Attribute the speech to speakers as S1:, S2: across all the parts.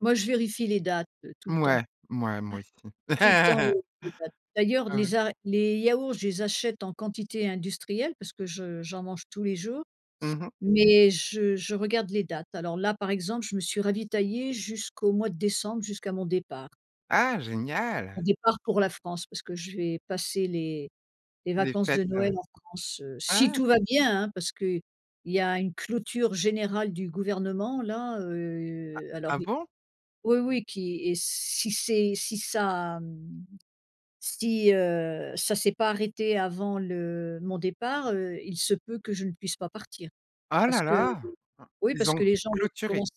S1: Moi, je vérifie les dates, heu, tout le temps. Ouais,
S2: Mouais, mouais, moi aussi.
S1: tout le temps, les les dates. D'ailleurs,
S2: Ah ouais.
S1: les a les yaourts, je les achète en quantité industrielle, parce que je j'en mange tous les jours,
S2: Mmh mh.
S1: mais je je regarde les dates. Alors là, par exemple, je me suis ravitaillée jusqu'au mois de décembre, jusqu'à mon départ.
S2: Ah,
S1: Mon
S2: génial!
S1: départ pour la France, parce que je vais passer les les
S2: Les
S1: vacances
S2: fêtes,
S1: de
S2: heu,
S1: Noël en France, heu, si
S2: ah!
S1: tout va bien, hein! Parce qu'il y a une clôture générale du gouvernement, là,
S2: Ah
S1: heu, alors
S2: ah,
S1: i
S2: bon?
S1: oui, oui, qui et si c'est si ça, mmh si, heu, ça s'est pas arrêté avant le mon départ, heu, il se peut que je ne puisse pas partir
S2: Ah là
S1: parce que,
S2: là, hein,
S1: oui,
S2: ils
S1: parce
S2: ont
S1: que les gens vont
S2: clôturé?
S1: commence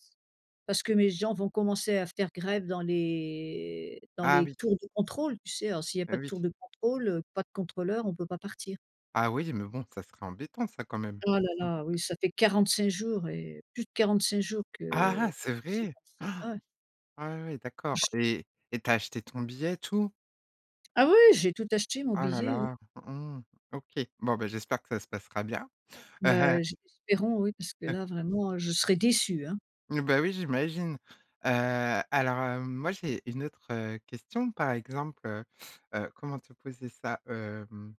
S1: parce que mes gens vont commencer à faire grève dans les dans
S2: Ah
S1: les
S2: oui.
S1: tours de contrôle, tu sais, alors, s'il y a
S2: Beh
S1: pas de
S2: oui!
S1: tour de contrôle, heu, pas de contrôleur, on peut pas partir.
S2: Ah oui, mais bon, ça serait embêtant, ça, quand même,
S1: Oh là
S2: Mmh mh.
S1: là, oui, ça fait 45 jours et plus de 45 jours
S2: Ah
S1: que
S2: ah, c'est
S1: c'est
S2: vrai?
S1: comme ça, ouais.
S2: Ah oui,
S1: Oh,
S2: d'accord,
S1: je s
S2: et et tu as acheté ton billet, et tout?
S1: Ah oui, j'ai tout acheté, mon
S2: Ah là
S1: billet, oui.
S2: là! Mmh, OK. Bon, bah, j'espère que ça se passera bien!
S1: Heu, je espérons, oui, parce que là, vraiment, heu, je serai déçue, hein!
S2: Mmh, bah, oui, j'imagine, heu, alors, hem, moi, j'ai une autre, heu, question par exemple, heu heu, comment te poser ça ,hem,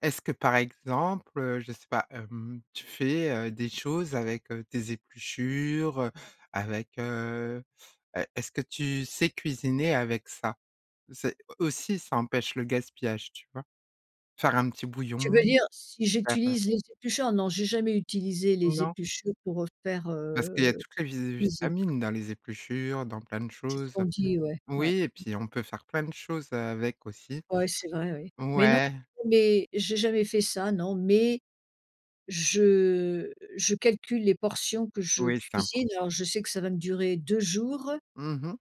S2: est-ce que par exemple, heu, je sais pas, hem, tu fais, heu, des choses avec, heu, tes épluchures, heu, avec, heu heu, est-ce que tu sais cuisiner avec ça? C'est aussi, ça empêche le gaspillage, tu vois? Faire un petit
S1: Tu
S2: bouillon,
S1: veux dire si
S2: faire, heu
S1: j'utilise les épluchures? Non, j'ai jamais utilisé les
S2: Non?
S1: épluchures pour, heu, faire,
S2: Parce qu'il y a
S1: heu,
S2: toutes les vi
S1: cuisine.
S2: vitamines dans les épluchures, dans plein de
S1: C'est ce
S2: choses.
S1: qu'on dit, ouais, ouais.
S2: Oui et puis on peut faire plein de choses avec aussi.
S1: Ouais, c'est vrai, oui, mais non,
S2: Ouais.
S1: mais j'ai jamais fait ça, non, mais je je calcule les portions que je
S2: Oui, c'est important.
S1: cuisine aors, je sais que ça va me durer 2 jours.
S2: Mmh mh.